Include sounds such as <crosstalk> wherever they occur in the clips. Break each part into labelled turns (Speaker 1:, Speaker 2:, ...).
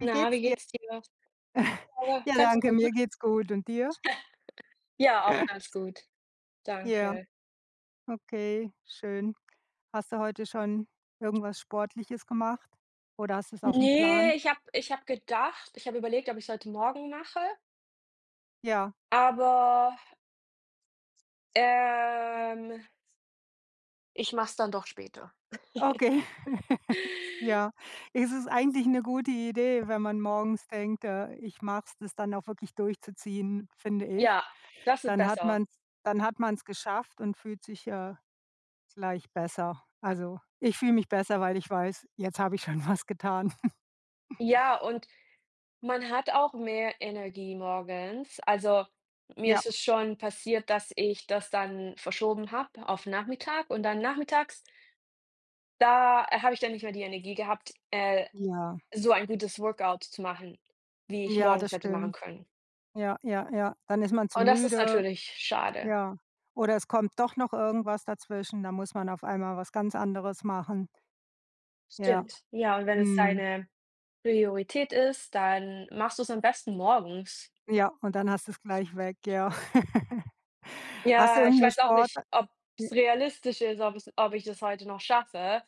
Speaker 1: Wie
Speaker 2: Na,
Speaker 1: geht's
Speaker 2: wie
Speaker 1: dir?
Speaker 2: geht's dir?
Speaker 1: <chuckles>
Speaker 2: Ja,
Speaker 1: Ja,
Speaker 2: ganz
Speaker 1: danke, mir
Speaker 2: gut.
Speaker 1: geht's gut. Und dir?
Speaker 2: <chuckles> Ja, auch
Speaker 1: <chuckles>
Speaker 2: ganz gut.
Speaker 1: Ja.
Speaker 2: Danke.
Speaker 1: Okay, schön. Hast du heute schon irgendwas Sportliches gemacht? Oder hast du's aufm
Speaker 2: Ne,
Speaker 1: Plan?
Speaker 2: ich habe ich habe gedacht ich habe überlegt, ob ich es heute morgen mache
Speaker 1: Ja.
Speaker 2: aber ähm ich mache es dann doch später.
Speaker 1: Okay. <chuckles>
Speaker 2: <chuckles>
Speaker 1: Ja. Ist es eigentlich 'ne gute Idee, wenn man morgens denkt: „Äh, ich mache es“, das dann auch wirklich durchzuziehen, finde ich.
Speaker 2: Ja, das ist
Speaker 1: Dann hat
Speaker 2: besser.
Speaker 1: man dann hat man's geschafft und fühlt sich, äh, gleich besser. Also, ich fühle mich besser, weil ich weiß, jetzt habe ich schon was getan.
Speaker 2: Ja,
Speaker 1: <chuckles>
Speaker 2: und man hat auch mehr Energie morgens. Also, mir
Speaker 1: Ja.
Speaker 2: ist es schon passiert, dass ich das dann verschoben habe auf Nachmittag und dann nachmittags da habe ich dann nicht mehr die Energie gehabt, äh,
Speaker 1: Ja.
Speaker 2: so ein gutes Workout zu machen, wie ich
Speaker 1: Ja,
Speaker 2: morgens
Speaker 1: das
Speaker 2: hätte machen
Speaker 1: stimmt.
Speaker 2: können.
Speaker 1: Ja, ja, ja. Dann ist man zu
Speaker 2: Und das ist
Speaker 1: müde.
Speaker 2: natürlich schade.
Speaker 1: Ja. Oder es kommt doch noch irgendwas dazwischen, dann muss man auf einmal was ganz anderes machen. Ja.
Speaker 2: Stimmt. Ja, und wenn es
Speaker 1: Mhm.
Speaker 2: deine Priorität ist, dann machst du's am besten morgens.
Speaker 1: Ja, und dann hast du's gleich weg, ja. <chuckles> Hast du
Speaker 2: Ja, ich
Speaker 1: irgendeine
Speaker 2: weiß auch nicht,
Speaker 1: Sporta e
Speaker 2: ob's realistisch ist, ob es ob ich das heute noch schaffe.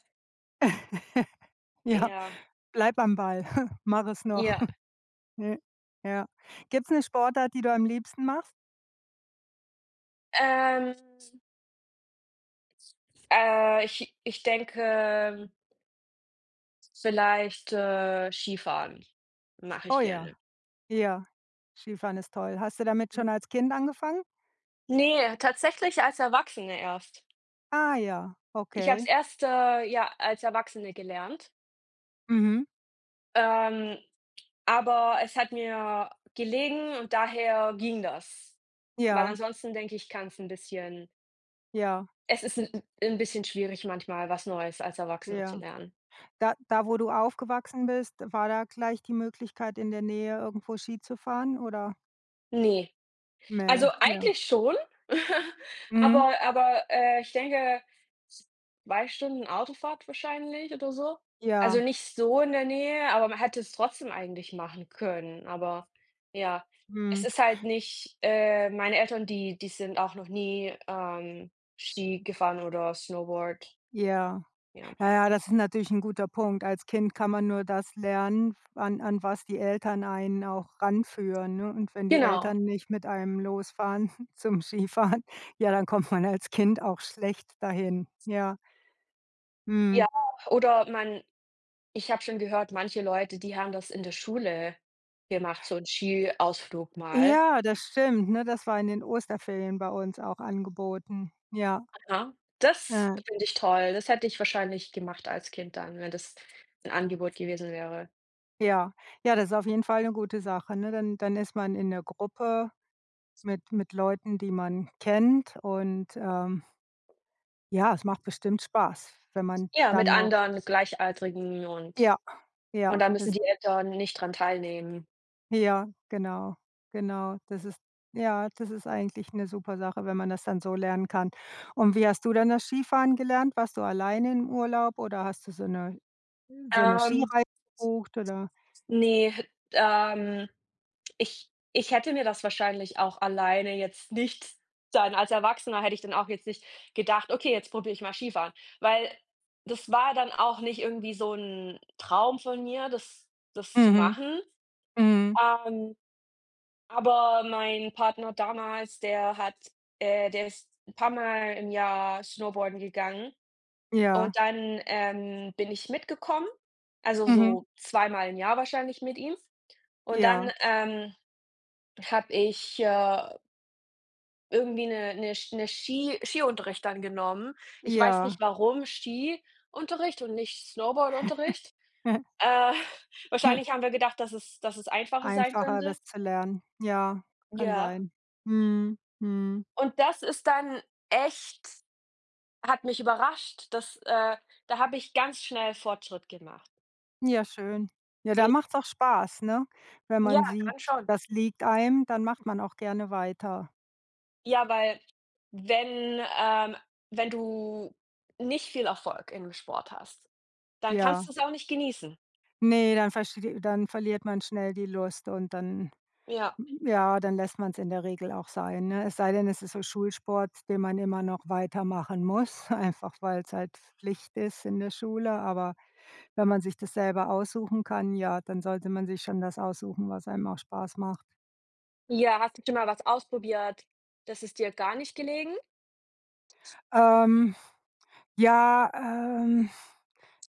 Speaker 1: <laughs> Ja.
Speaker 2: Ja.
Speaker 1: Bleib am Ball. Mach es noch. <chuckles>
Speaker 2: Ja.
Speaker 1: Ja, ja. Gibt's 'ne Sportart, die du am liebsten machst?
Speaker 2: Ähm <unintelligible> äh, ich ich denke vielleicht, äh Skifahren mache
Speaker 1: Oh
Speaker 2: ich
Speaker 1: ja.
Speaker 2: gerne.
Speaker 1: Ja. Skifahren ist toll. Hast du damit
Speaker 2: Mhm.
Speaker 1: schon als Kind angefangen?
Speaker 2: Ne, tatsächlich als Erwachsene erst.
Speaker 1: Ah ja,
Speaker 2: Ich habe es
Speaker 1: okay.
Speaker 2: erst, äh, ja als Erwachsene gelernt.
Speaker 1: Mhm.
Speaker 2: Ähm, aber es hat mir gelegen und daher ging das. Weil
Speaker 1: Ja.
Speaker 2: ansonsten denke ich, kann es 'n bisschen
Speaker 1: Ja.
Speaker 2: Es ist 'n- 'n bisschen schwierig, manchmal was Neues als Erwachsener zu
Speaker 1: Ja.
Speaker 2: lernen.
Speaker 1: Da da, wo du aufgewachsen bist, war da gleich die Möglichkeit, in der Nähe irgendwo Ski zu fahren, oder?
Speaker 2: Ne.
Speaker 1: Mä
Speaker 2: Also
Speaker 1: ja.
Speaker 2: eigentlich schon <laughs>
Speaker 1: Mhm.
Speaker 2: Aber aber, äh, ich denke 2 Autofahrt wahrscheinlich oder so. Also
Speaker 1: Ja.
Speaker 2: nicht so in der Nähe, aber man hätte es trotzdem eigentlich machen können. Aber ja, es
Speaker 1: Mhm.
Speaker 2: ist halt nicht äh, meine Eltern, die die sind auch noch nie, ähm, Ski gefahren oder Snowboard.
Speaker 1: Ja.
Speaker 2: Ja.
Speaker 1: Na ja, das ist natürlich 'n guter Punkt. Als Kind kann man nur das lernen, an an was die Eltern einen auch ranführen, ne? Und wenn die
Speaker 2: Genau.
Speaker 1: Eltern nicht mit einem losfahren zum Skifahren, ja, dann kommt man als Kind auch schlecht dahin, ja. Mhm.
Speaker 2: Ja, oder man ich habe schon gehört manche Leute, die haben das in der Schule gemacht, so 'n Skiausflug mal.
Speaker 1: Ja das stimmt, ne, das war in den Osterferien bei uns auch angeboten, ja.
Speaker 2: Aha, das finde ich toll. Das hätte ich wahrscheinlich gemacht als Kind dann, wenn das 'n Angebot gewesen wäre.
Speaker 1: Ja. Ja, das ist auf jeden Fall 'ne gute Sache, ne, dann dann ist man in der Gruppe mit mit Leuten, die man kennt und, ähm ja, es macht bestimmt Spaß, wenn man
Speaker 2: Ja,
Speaker 1: dann
Speaker 2: mit
Speaker 1: noch
Speaker 2: anderen Gleichaltrigen und
Speaker 1: Ja, ja,
Speaker 2: und dann müssen
Speaker 1: ist
Speaker 2: die Eltern nicht dran teilnehmen.
Speaker 1: Ja, genau. Genau. Das ist ja, das ist eigentlich 'ne super Sache, wenn man das dann so lernen kann. Und, wie hast du denn das Skifahren gelernt? Warst du alleine im Urlaub oder hast du so 'ne, äh so 'ne
Speaker 2: Ähm
Speaker 1: Skireise gebucht, oder?
Speaker 2: Ne, ähm, ich ich hätte mir das wahrscheinlich auch alleine jetzt nicht dann als Erwachsener hätte ich dann auch jetzt nicht gedacht: „Okay, jetzt probiere ich mal Skifahren“, weil das war dann auch nicht irgendwie so 'n Traum von mir, das das zu
Speaker 1: Mhm,
Speaker 2: machen.
Speaker 1: mhm.
Speaker 2: Ähm, aber mein Partner damals, der hat, äh der ist 'n paar Mal im Jahr Snowboarden gegangen
Speaker 1: Ja.
Speaker 2: und dann, ähm, bin ich mitgekommen, also
Speaker 1: Mhm.
Speaker 2: so zweimal im Jahr wahrscheinlich mit ihm und dann,
Speaker 1: Ja.
Speaker 2: ähm, habe ich, äh Irgendwie 'ne 'ne Sch 'ne Ski Ski Skiunterricht dann genommen. Ich weiß
Speaker 1: Ja.
Speaker 2: nicht, warum Skiunterricht und nicht Snowboardunterricht.
Speaker 1: <laughs>
Speaker 2: Äh, <chuckles> wahrscheinlich
Speaker 1: <chuckles>
Speaker 2: haben wir gedacht, dass es dass es einfacher sein
Speaker 1: Einfacher,
Speaker 2: könnte.
Speaker 1: das zu lernen. Ja, kann
Speaker 2: Ja.
Speaker 1: sein, mhm, mhm.
Speaker 2: Und das ist dann echt hat mich überrascht, dass, äh da habe ich ganz schnell Fortschritt gemacht.
Speaker 1: Ja schön. Ja,
Speaker 2: E
Speaker 1: dann macht's auch spaß, ne? Wenn
Speaker 2: ja,
Speaker 1: man sieht,
Speaker 2: dann schon.
Speaker 1: das liegt einem, dann macht man auch gerne weiter.
Speaker 2: Ja, weil, wenn, ähm wenn du nicht viel Erfolg in 'nem Sport hast, dann kannst
Speaker 1: Ja.
Speaker 2: du es auch nicht genießen.
Speaker 1: Ne, dann versteh dann verliert man schnell die Lust und dann
Speaker 2: Ja.
Speaker 1: ja, dann lässt man's in der Regel auch sein, ne? Es sei denn, es ist so Schulsport, den man immer noch weitermachen muss, <chuckles> einfach weil es halt Pflicht ist in der Schule, aber wenn man sich das selber aussuchen kann, ja, dann sollte man sich schon das aussuchen, was einem auch Spaß macht.
Speaker 2: Ja, hast du schon mal was ausprobiert das ist dir gar nicht gelegen?
Speaker 1: Ähm, ja, ähm,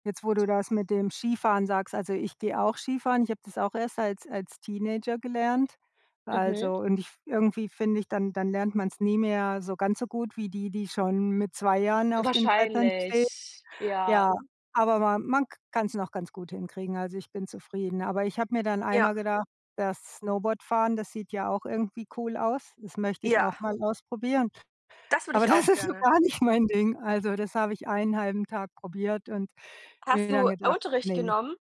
Speaker 1: jetzt, wo du das mit dem Skifahren sagst, also, ich gehe auch Skifahren, ich habe das auch erst als als Teenager gelernt.
Speaker 2: Mhm.
Speaker 1: Also, und ich f irgendwie finde ich, dann dann lernt man's nicht mehr so ganz so gut wie die, die schon mit 2 Jahren auf den Brettern stehen.
Speaker 2: Wahrscheinlich,
Speaker 1: Ja,
Speaker 2: ja.
Speaker 1: aber ma man k kann's noch ganz gut hinkriegen, also ich bin zufrieden. Aber ich habe mir dann
Speaker 2: Ja.
Speaker 1: einmal gedacht, das Snowboardfahren, das sieht ja auch irgendwie cool aus, das möchte ich
Speaker 2: Ja.
Speaker 1: auch mal ausprobieren.
Speaker 2: Das würde
Speaker 1: Aber
Speaker 2: ich
Speaker 1: das
Speaker 2: auch
Speaker 1: ist so
Speaker 2: gerne.
Speaker 1: gar nicht mein Ding, also, das habe ich 1/2 Tag probiert und mir
Speaker 2: Hast du
Speaker 1: dann gedacht,
Speaker 2: Unterricht
Speaker 1: ne.
Speaker 2: genommen?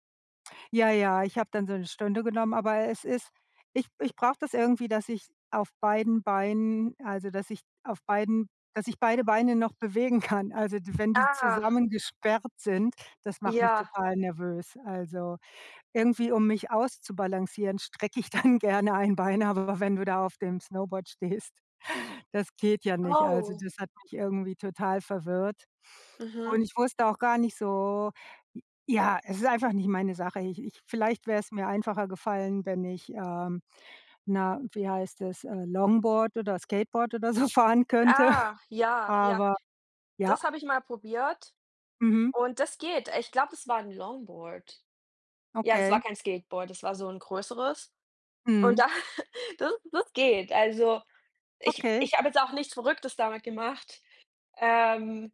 Speaker 1: Ja, ja, ich habe dann so 'ne Stunde genommen, aber es ist ich ich brauche das irgendwie, dass ich auf beiden Beinen also, dass ich auf beiden dass ich beide Beine noch bewegen kann. Also, d wenn die
Speaker 2: Ah.
Speaker 1: zusammengesperrt sind, das macht mich
Speaker 2: Ja.
Speaker 1: total nervös. Also, irgendwie, um mich auszubalancieren, strecke ich dann gerne ein Bein, aber wenn du da auf dem Snowboard stehst, das geht ja nicht, also,
Speaker 2: Oh.
Speaker 1: das hat mich irgendwie total verwirrt.
Speaker 2: Mhm.
Speaker 1: Und ich wusste auch gar nicht so ja, es ist einfach nicht meine Sache, ich ich vielleicht wäre es mir einfacher gefallen, wenn ich, ähm na wie heißt das, äh, Longboard oder Skateboard oder so fahren könnte.
Speaker 2: Ah, ja, ja.
Speaker 1: Aber, ja.
Speaker 2: Das habe ich mal probiert.
Speaker 1: Mhm.
Speaker 2: Und das geht. Ich glaube, das war 'n Longboard. Ja, das
Speaker 1: Okay.
Speaker 2: war kein Skateboard, das war so 'n größeres. Und
Speaker 1: Mhm.
Speaker 2: da das das geht. Also, ich
Speaker 1: Okay.
Speaker 2: ich habe jetzt auch nichts Verrücktes damit gemacht. Ähm,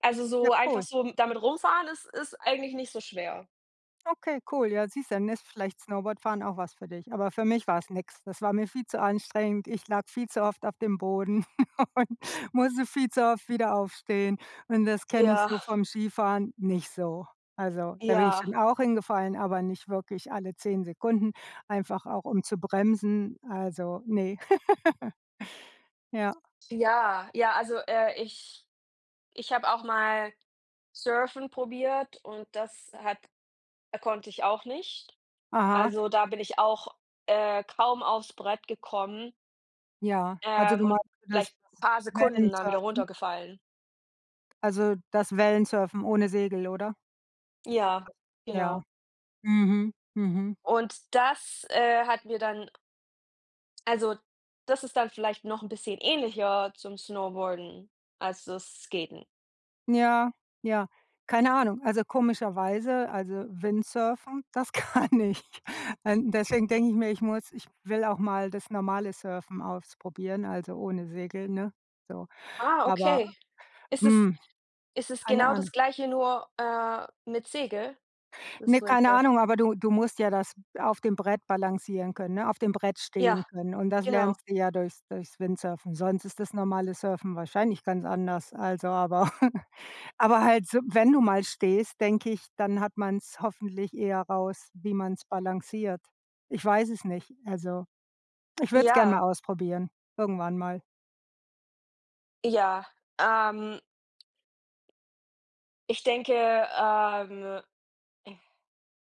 Speaker 2: also
Speaker 1: Ja,
Speaker 2: so einfach
Speaker 1: cool.
Speaker 2: so m damit rumfahren ist ist eigentlich nicht so schwer.
Speaker 1: Okay, cool, ja, siehst dann ist vielleicht Snowboard fahren auch was für dich. Aber für mich war es nix. Das war mir viel zu anstrengend. Ich lag viel zu oft auf dem Boden <chuckles> und musste viel zu oft wieder aufstehen und das kenne ich
Speaker 2: Ja.
Speaker 1: so vom Skifahren nicht so. Also, da bin ich
Speaker 2: Ja.
Speaker 1: schon auch hingefallen, aber nicht wirklich alle 10 Sekunden, einfach auch um zu bremsen, also, ne. <laughs> Ja.
Speaker 2: Ja, ja, also, äh, ich ich habe auch mal Surfen probiert und das hat konnte ich auch nicht.
Speaker 1: Aha.
Speaker 2: Also, da bin ich auch, äh, kaum aufs Brett gekommen.
Speaker 1: Ja. Also,
Speaker 2: Ähm,
Speaker 1: du
Speaker 2: und
Speaker 1: meinst, dass
Speaker 2: vielleicht
Speaker 1: da
Speaker 2: 'n paar
Speaker 1: <unintelligible>
Speaker 2: Sekunden dann wieder
Speaker 1: Wellensurfen?
Speaker 2: runtergefallen.
Speaker 1: Also, das Wellensurfen ohne Segel, oder?
Speaker 2: Ja,
Speaker 1: Ja.
Speaker 2: genau.
Speaker 1: Mhm, mhm.
Speaker 2: Und das, äh, hat mir dann also, das ist dann vielleicht noch 'n bisschen ähnlicher zum Snowboarden, als das Skaten.
Speaker 1: Ja, ja, keine Ahnung. Also, komischerweise also Windsurfen, das kann ich. Äh, deswegen denke ich mir, ich muss ich will auch mal das normale Surfen ausprobieren, also, ohne Segel, ne? So.
Speaker 2: Ah,
Speaker 1: Aber,
Speaker 2: okay. Ist das
Speaker 1: hm,
Speaker 2: ist es
Speaker 1: keine
Speaker 2: genau
Speaker 1: Ahnung.
Speaker 2: das Gleiche nur, äh, mit Segel?
Speaker 1: Ne,
Speaker 2: Das
Speaker 1: keine
Speaker 2: Windsurfen?
Speaker 1: Ahnung, aber du du musst ja das auf dem Brett balancieren können, ne, auf dem Brett stehen
Speaker 2: Ja,
Speaker 1: können. Und das
Speaker 2: genau.
Speaker 1: lernst du ja durchs durchs Windsurfen. Sonst ist das normale Surfen wahrscheinlich ganz anders, also aber <chuckles> aber halt so, wenn du mal stehst, denke ich, dann hat man's hoffentlich eher raus, wie man es balanciert. Ich weiß es nicht, also, ich würde es gerne
Speaker 2: Ja.
Speaker 1: mal ausprobieren, irgendwann mal.
Speaker 2: Ja, ähm ich denke, ähm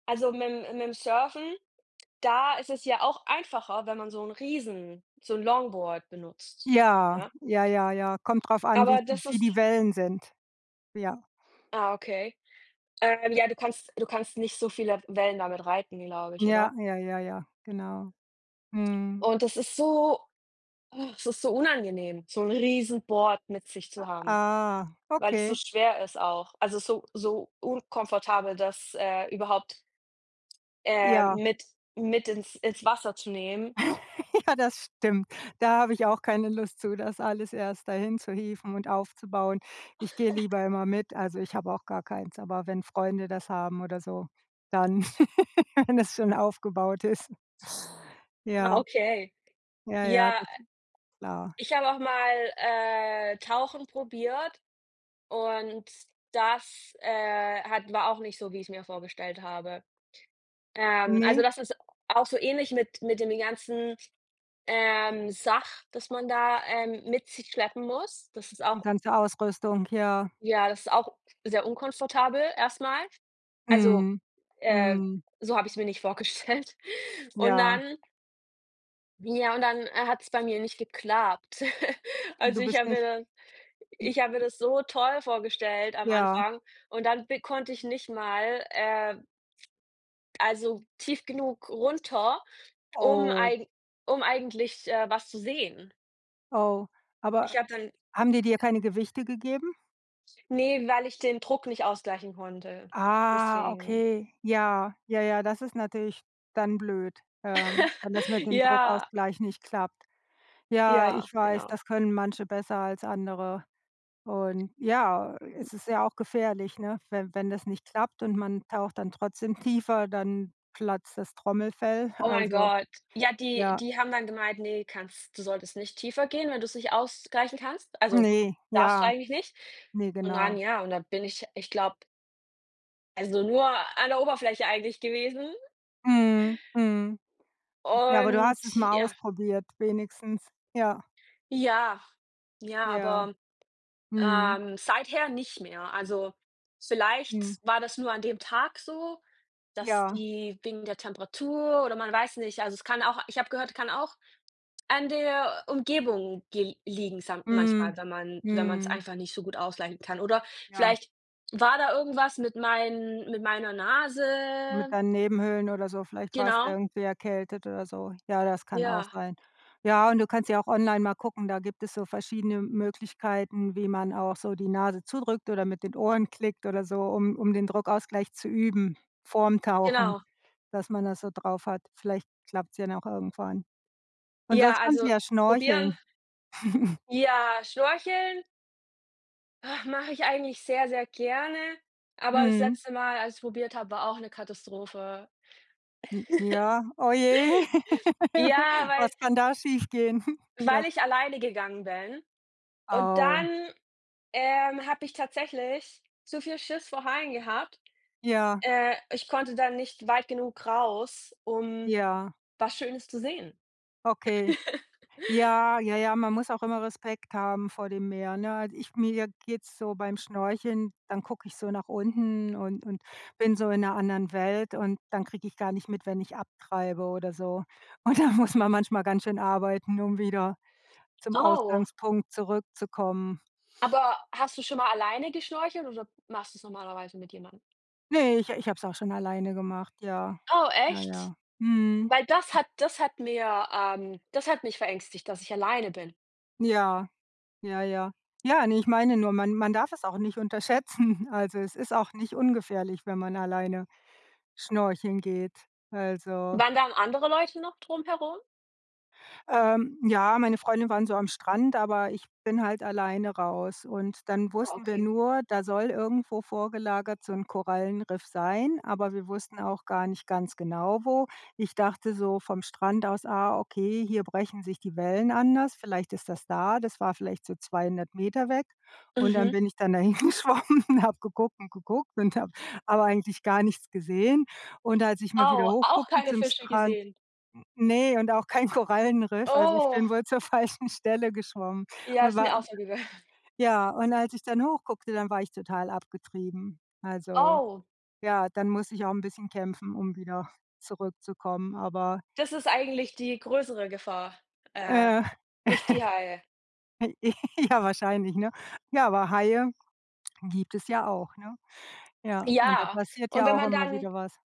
Speaker 2: also mit 'm mit 'm Surfen, da ist es ja auch einfacher, wenn man so 'n Riesen so 'n Longboard benutzt,
Speaker 1: Ja,
Speaker 2: ja?
Speaker 1: ja, ja, ja. Kommt drauf an, wie
Speaker 2: Aber
Speaker 1: wie
Speaker 2: das
Speaker 1: viel die
Speaker 2: ist
Speaker 1: Wellen sind. Ja.
Speaker 2: Ah, okay. Ähm, ja, du kannst du kannst nicht so viele Wellen damit reiten, glaube ich,
Speaker 1: Ja,
Speaker 2: oder?
Speaker 1: ja, ja, ja, genau. Mhm.
Speaker 2: Und das ist so, ach, es ist so unangenehm, so 'n Riesenboard mit sich
Speaker 1: A
Speaker 2: zu haben,
Speaker 1: ah,
Speaker 2: weil das so
Speaker 1: okay.
Speaker 2: schwer ist auch. Also so so unkomfortabel, dass, äh, überhaupt ähm,
Speaker 1: Ja.
Speaker 2: mit mit ins ins Wasser zu nehmen.
Speaker 1: <laughs> Ja, das stimmt. Da habe ich auch keine Lust zu, das alles erst dahin zu hieven und aufzubauen. Ich gehe
Speaker 2: <laughs>
Speaker 1: lieber immer mit, also ich habe auch gar keins, aber wenn Freunde das haben oder so, dann <laughs> wenn es schon aufgebaut ist. <giggles>
Speaker 2: Ah,
Speaker 1: Ja.
Speaker 2: okay.
Speaker 1: Ja, ja,
Speaker 2: Ja,
Speaker 1: das ist klar.
Speaker 2: ich habe auch mal, äh, Tauchen probiert, und das, äh, hat war auch nicht so, wie ich's mir vorgestellt habe. Ähm, also
Speaker 1: Ne.
Speaker 2: das ist auch so ähnlich mit mit den ganzen, ähm, Sach das man da, ähm, mit sich schleppen muss. Das ist
Speaker 1: Die
Speaker 2: auch
Speaker 1: ganze Ausrüstung, ja.
Speaker 2: Ja, das ist auch sehr unkomfortabel erstmal. Also,
Speaker 1: Mhm,
Speaker 2: äh,
Speaker 1: mhm.
Speaker 2: so habe ich‘s mir nicht vorgestellt. Und
Speaker 1: Ja.
Speaker 2: dann Ja, und dann, äh, hat's bei mir nicht geklappt. <chuckles>
Speaker 1: Du
Speaker 2: Also, ich
Speaker 1: bist
Speaker 2: habe mir
Speaker 1: nicht
Speaker 2: dann ich habe mir das so toll vorgestellt am
Speaker 1: Ja.
Speaker 2: Anfang und dann b konnte ich nicht mal, äh also tief genug runter, um
Speaker 1: Oh.
Speaker 2: eigen um eigentlich, äh, was zu sehen.
Speaker 1: Oh,
Speaker 2: Ich
Speaker 1: aber
Speaker 2: habe dann
Speaker 1: haben die dir keine Gewichte gegeben?
Speaker 2: Ne, weil ich den Druck nicht ausgleichen konnte.
Speaker 1: Ah,
Speaker 2: Deswegen.
Speaker 1: okay, ja, ja, ja, das ist natürlich dann blöd, ähm, wenn das mit
Speaker 2: <chuckles>
Speaker 1: dem
Speaker 2: Ja.
Speaker 1: Druckausgleich nicht klappt. Ja,
Speaker 2: Ja,
Speaker 1: ich weiß,
Speaker 2: genau.
Speaker 1: das können manche besser als andere. Und ja, es ist ja auch gefährlich, ne, we wenn das nicht klappt und man taucht dann trotzdem tiefer, dann platzt das Trommelfell,
Speaker 2: Oh, mein
Speaker 1: also
Speaker 2: Gott. Ja, die
Speaker 1: ja.
Speaker 2: die haben dann gemeint: „Ne, kannst du solltest nicht tiefer gehen, wenn du's nicht ausgleichen kannst.“ Also,
Speaker 1: Ne,
Speaker 2: darfst du
Speaker 1: ja.
Speaker 2: eigentlich nicht.
Speaker 1: Ne,
Speaker 2: Und dann
Speaker 1: genau.
Speaker 2: ja und dann bin ich, ich glaube also nur an der Oberfläche eigentlich gewesen.
Speaker 1: Mhm, mhm ja, aber du
Speaker 2: Und
Speaker 1: hast es mal
Speaker 2: ja
Speaker 1: ausprobiert, wenigstens. Ja.
Speaker 2: Ja, ja,
Speaker 1: Ja.
Speaker 2: aber
Speaker 1: Mhm.
Speaker 2: ähm, seither nicht mehr. Also, vielleicht
Speaker 1: Mhm.
Speaker 2: war das nur an dem Tag so, dass
Speaker 1: Ja.
Speaker 2: die wegen der Temperatur oder man weiß nicht. Also, es kann auch ich habe gehört, es kann auch an der Umgebung ge liegen sam
Speaker 1: Mhm,
Speaker 2: manchmal, wenn man wenn man's
Speaker 1: mhm.
Speaker 2: einfach nicht so gut ausgleichen kann, oder
Speaker 1: Ja.
Speaker 2: vielleicht war da irgendwas mit meinen mit meiner
Speaker 1: Mit
Speaker 2: Nase.
Speaker 1: deinen Nebenhöhlen oder so. Vielleicht warst du ja
Speaker 2: Genau.
Speaker 1: irgendwie erkältet oder so. Ja, das kann auch
Speaker 2: Ja.
Speaker 1: sein. Ja, und du kannst ja auch online mal gucken, da gibt es so verschiedene Möglichkeiten, wie man auch so die Nase zudrückt oder mit den Ohren klickt oder so, um um den Druckausgleich zu üben, vorm Tauchen,
Speaker 2: Genau.
Speaker 1: dass man das so drauf hat. Vielleicht klappt's ja dann auch irgendwann. Und
Speaker 2: Ja,
Speaker 1: sonst kannst du
Speaker 2: also
Speaker 1: ja
Speaker 2: probieren.
Speaker 1: schnorcheln. <chuckles>
Speaker 2: Ja, Schnorcheln. Ach, mache ich eigentlich sehr sehr gerne, aber das
Speaker 1: Mhm.
Speaker 2: letzte Mal, als ich es probiert habe, war auch 'ne Katastrophe.
Speaker 1: M ja. Oh je.
Speaker 2: <chuckles> Ja,
Speaker 1: <laughs>
Speaker 2: weil
Speaker 1: Was kann da schiefgehen? Hm. Du
Speaker 2: weil
Speaker 1: hast
Speaker 2: ich alleine gegangen bin und
Speaker 1: Au.
Speaker 2: dann, ähm, habe ich tatsächlich zu viel Schiss vor Haien gehabt.
Speaker 1: Ja.
Speaker 2: Äh, ich konnte da nicht weit genug raus, um
Speaker 1: Ja.
Speaker 2: was Schönes zu sehen.
Speaker 1: Okay.
Speaker 2: <chuckles>
Speaker 1: Ja, ja, ja, man muss auch immer Respekt haben vor dem Meer, ne? Also, ich mir je geht's so beim Schnorcheln, dann gucke ich so nach unten und und bin so in 'ner anderen Welt und dann kriege ich gar nicht mit, wenn ich abtreibe oder so. Und dann muss man manchmal ganz schön arbeiten, um wieder zum
Speaker 2: <unintelligible>
Speaker 1: Ausgangspunkt zurückzukommen.
Speaker 2: Aber hast du schon mal alleine geschnorchelt oder machst du's normalerweise mit jemandem?
Speaker 1: Ne, ich ich habe es auch schon alleine gemacht, ja.
Speaker 2: Oh,
Speaker 1: Ja,
Speaker 2: echt?
Speaker 1: ja. Mhm.
Speaker 2: Weil das hat das hat mir ähm, das hat mich verängstigt, dass ich alleine bin.
Speaker 1: Ja, ja, ja, nein, ich meine nur man man darf es auch nicht unterschätzen. Also, es ist auch nicht ungefährlich, wenn man alleine schnorcheln geht, also
Speaker 2: Waren dann andere Leute noch drumherum?
Speaker 1: Ähm, ja, meine Freundinnen waren so am Strand, aber ich bin halt alleine raus. Und dann
Speaker 2: Ah,
Speaker 1: wussten wir
Speaker 2: okay.
Speaker 1: nur, da soll irgendwo vorgelagert so 'n Korallenriff sein, aber wir wussten auch gar nicht ganz genau, wo. Ich dachte so vom Strand aus: „Ah, okay, hier brechen sich die Wellen anders. Vielleicht ist das da.“ Das war vielleicht so 200 m weg. Und dann
Speaker 2: Mhm.
Speaker 1: bin ich dann da hingeschwommen, habe geguckt und geguckt und habe aber eigentlich gar nichts gesehen. Und als ich mal wieder
Speaker 2: Oh.
Speaker 1: hoch
Speaker 2: Auch
Speaker 1: guckte
Speaker 2: keine
Speaker 1: zum
Speaker 2: Fische
Speaker 1: Strand,
Speaker 2: gesehen?
Speaker 1: n ne, und auch kein Korallenriff, also ich bin
Speaker 2: Oh.
Speaker 1: wohl zur falschen Stelle geschwommen.
Speaker 2: Ja,
Speaker 1: Und
Speaker 2: ist
Speaker 1: war
Speaker 2: mir auch
Speaker 1: d
Speaker 2: so gegangen.
Speaker 1: ja, und als ich dann hoch guckte, dann war ich total abgetrieben. Also
Speaker 2: Oh.
Speaker 1: ja, dann musste ich auch 'n bisschen kämpfen, um wieder zurückzukommen, aber
Speaker 2: Das ist eigentlich die größere Gefahr, äh,
Speaker 1: Äh. <chuckles>
Speaker 2: nicht die Haie.
Speaker 1: J <giggles> ja, wahrscheinlich, ne? Ja, aber Haie gibt es ja auch, ne? Ja, und da
Speaker 2: Ja.
Speaker 1: passiert
Speaker 2: Und
Speaker 1: ja
Speaker 2: wenn
Speaker 1: auch
Speaker 2: man
Speaker 1: immer
Speaker 2: dann
Speaker 1: wieder was.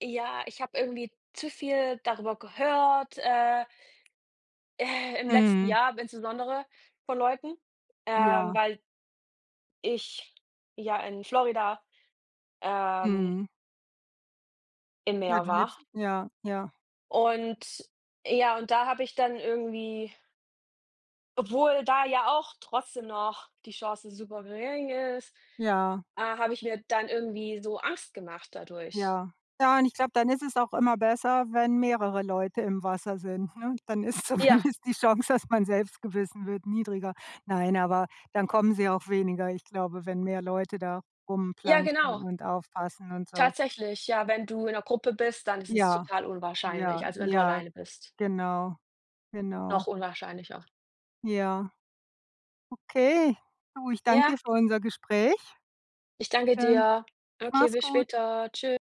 Speaker 2: ja, ich habe irgendwie zu viel darüber gehört, äh äh, im letzten
Speaker 1: Mhm.
Speaker 2: Jahr aber insbesondere von Leuten, ähm,
Speaker 1: Ja.
Speaker 2: weil ich ja in Florida, ähm
Speaker 1: Mhm.
Speaker 2: im
Speaker 1: Ja,
Speaker 2: Meer
Speaker 1: du
Speaker 2: war.
Speaker 1: lebst ja, ja.
Speaker 2: Und ja, und da habe ich dann irgendwie obwohl da ja auch trotzdem noch die Chance super gering ist,
Speaker 1: Ja.
Speaker 2: äh, habe ich mir dann irgendwie so Angst gemacht dadurch.
Speaker 1: Ja. Ja, und ich glaube, dann ist es auch immer besser, wenn mehrere Leute im Wasser sind, ne? Dann ist
Speaker 2: Ja.
Speaker 1: zumindest die Chance, dass man selbst gebissen wird niedriger. Nein, aber dann kommen sie auch weniger. Ich glaube, wenn mehr Leute da
Speaker 2: Ja,
Speaker 1: rumplantschen
Speaker 2: genau.
Speaker 1: und aufpassen und so.
Speaker 2: Tatsächlich, ja, wenn du in 'ner Gruppe bist, dann ist es
Speaker 1: Ja.
Speaker 2: total
Speaker 1: Ja,
Speaker 2: unwahrscheinlich, als wenn du
Speaker 1: ja,
Speaker 2: alleine bist.
Speaker 1: genau. Genau.
Speaker 2: Noch unwahrscheinlicher.
Speaker 1: Ja. Okay. Du, ich danke
Speaker 2: Ja.
Speaker 1: dir für unser Gespräch.
Speaker 2: Ich danke
Speaker 1: Dann
Speaker 2: dir. Okay,
Speaker 1: mach's
Speaker 2: bis
Speaker 1: gut.
Speaker 2: später. Tschü